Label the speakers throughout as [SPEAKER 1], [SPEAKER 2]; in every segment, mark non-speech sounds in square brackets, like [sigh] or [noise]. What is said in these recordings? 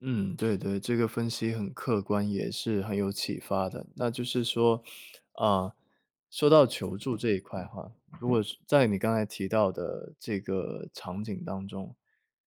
[SPEAKER 1] 嗯，对对，这个分析很客观，也是很有启发的。那就是说，呃，说到求助这一块哈，如果是在你刚才提到的这个场景当中，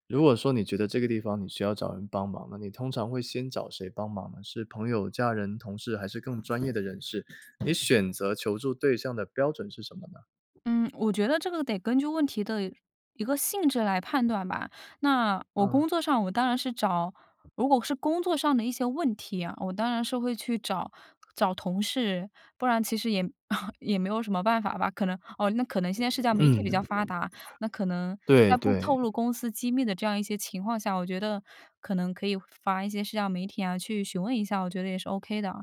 [SPEAKER 1] 如果说你觉得这个地方你需要找人帮忙，那你通常会先找谁帮忙呢？是朋友、家人、同事还是更专业的人士，你选择求助对象的标准是什么呢？
[SPEAKER 2] 嗯，我觉得这个得根据问题的一个性质来判断吧。那我
[SPEAKER 1] 嗯。
[SPEAKER 2] 工作上我当然是找如果是工作上的一些问题啊，我当然是会去找找同事，不然其实也- [chuckles] 也没有什么办法吧，可能哦，那可能现在社交媒体比较
[SPEAKER 1] 嗯。
[SPEAKER 2] 发达，那可能
[SPEAKER 1] 对
[SPEAKER 2] 在不
[SPEAKER 1] 对。
[SPEAKER 2] 透露公司机密的这样一些情况下，我觉得可能可以发一些社交媒体啊去询问一下，我觉得也是 OK 的。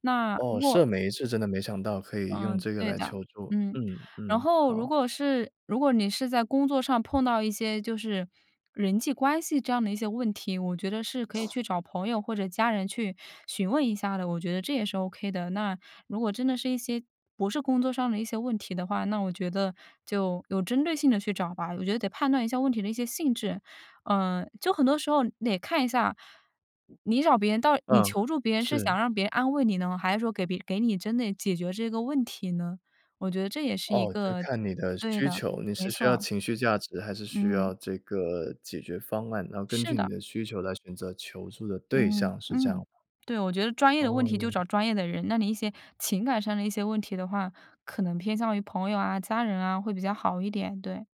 [SPEAKER 2] 那如
[SPEAKER 1] 哦，
[SPEAKER 2] 果
[SPEAKER 1] 社媒是真的没想到，可以用
[SPEAKER 2] 嗯，
[SPEAKER 1] 这个
[SPEAKER 2] 对
[SPEAKER 1] 来
[SPEAKER 2] 的。
[SPEAKER 1] 求助。
[SPEAKER 2] 嗯，
[SPEAKER 1] 嗯，
[SPEAKER 2] 然
[SPEAKER 1] 嗯，
[SPEAKER 2] 后如
[SPEAKER 1] 好。
[SPEAKER 2] 果是如果你是在工作上碰到一些就是人际关系这样的一些问题，我觉得是可以去找朋友或者家人去询问一下的，我觉得这也是 OK 的。那如果真的是一些不是工作上的一些问题的话，那我觉得就有针对性地去找吧，我觉得得判断一下问题的一些性质。呃，就很多时候得看一下，你你找别人到你
[SPEAKER 1] 嗯，
[SPEAKER 2] 求助别人是
[SPEAKER 1] 是。
[SPEAKER 2] 想让别人安慰你呢？还是说给别给你真的解决这个问题呢？我觉得这也是一
[SPEAKER 1] 哦，就是
[SPEAKER 2] 个
[SPEAKER 1] 看你的
[SPEAKER 2] 对
[SPEAKER 1] 需
[SPEAKER 2] 的，
[SPEAKER 1] 求，你
[SPEAKER 2] 没
[SPEAKER 1] 是需要
[SPEAKER 2] 错。
[SPEAKER 1] 情绪价值，还是需
[SPEAKER 2] 嗯。
[SPEAKER 1] 要这个解决方案，然后根
[SPEAKER 2] 是
[SPEAKER 1] 据你
[SPEAKER 2] 的。
[SPEAKER 1] 的需求来选择求助的对
[SPEAKER 2] 嗯，
[SPEAKER 1] 象，是这样吗？
[SPEAKER 2] 嗯，对，我觉得专业的问
[SPEAKER 1] 哦，
[SPEAKER 2] 题就
[SPEAKER 1] 原来
[SPEAKER 2] 找专业的人。那你一些情感上的一些问题的话，可能偏向于朋友啊、家人啊，会比较好一点，对。